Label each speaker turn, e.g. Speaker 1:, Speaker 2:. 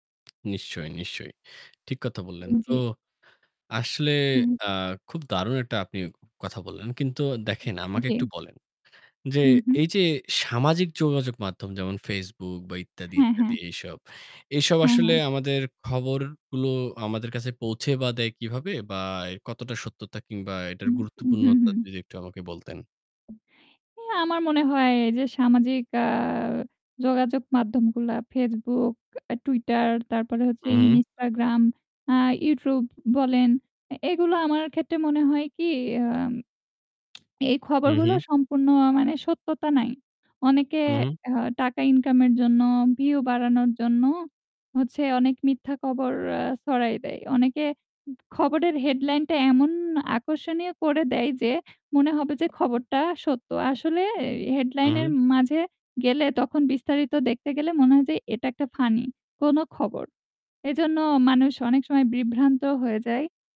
Speaker 1: নিশ্চয়ই, নিশ্চয়ই। ঠিক কথা বললেন।
Speaker 2: হুম,
Speaker 1: তো
Speaker 2: জী।
Speaker 1: আসলে
Speaker 2: উম-হুম।
Speaker 1: অ্যাঁ খুব দারুণ একটা আপনি কথা বললেন। কিন্তু দেখেন আমাকে
Speaker 2: উম-জী।
Speaker 1: একটু বলেন। যে
Speaker 2: হুম, হুম।
Speaker 1: এই যে সামাজিক যোগাযোগ মাধ্যম যেমন Facebook বা ইত্যাদি,
Speaker 2: হ্যাঁ, হ্যাঁ।
Speaker 1: ইত্যাদি এইসব, এসব
Speaker 2: হ্যাঁ,
Speaker 1: আসলে
Speaker 2: হ্যাঁ।
Speaker 1: আমাদের খবরগুলো আমাদের কাছে পৌঁছে বা দেয় কিভাবে? বা এর কতটা সত্যতা কিংবা এটার
Speaker 2: উম, উম-হুম,
Speaker 1: গুরুত্বপূর্ণতা
Speaker 2: হুম।
Speaker 1: যদি একটু আমাকে বলতেন?
Speaker 2: এ আমার মনে হয় যে সামাজিক অ্যাঁ যোগাযোগ মাধ্যমগুলা Facebook, Tweeter, তারপরে হচ্ছে
Speaker 1: হুম, হুম।
Speaker 2: Instagram, অ্যাঁ YouTube বলেন এ এগুলা আমার ক্ষেত্রে মনে হয় কি অ্যাঁম এই
Speaker 1: হুঁম,
Speaker 2: খবরগুলো
Speaker 1: হুঁম।
Speaker 2: সম্পূর্ণ অ্যাঁ মানে সত্যতা নাই। অনেকে
Speaker 1: হুম, হুম।
Speaker 2: অ্যাঁ টাকা ইনকামের জন্য, ভিউ বাড়ানোর জন্য হচ্ছে অনেক মিথ্যা কবর এ্যা ছড়াই দেয়। অনেকে উ খবরের হেডলাইন টা এমন আকর্ষণীয় করে দেয় যে মনে হবে যে খবরটা সত্য। আসলে এর
Speaker 1: হুম,
Speaker 2: হেডলাইন এর
Speaker 1: হু।
Speaker 2: মাঝে গেলে তখন বিস্তারিত দেখতে গেলে মনে হয় যে এটা একটা ফানি কোন খবর। এজন্য মানুষ অনেক সময় বিভ্রান্ত হয়ে যায়।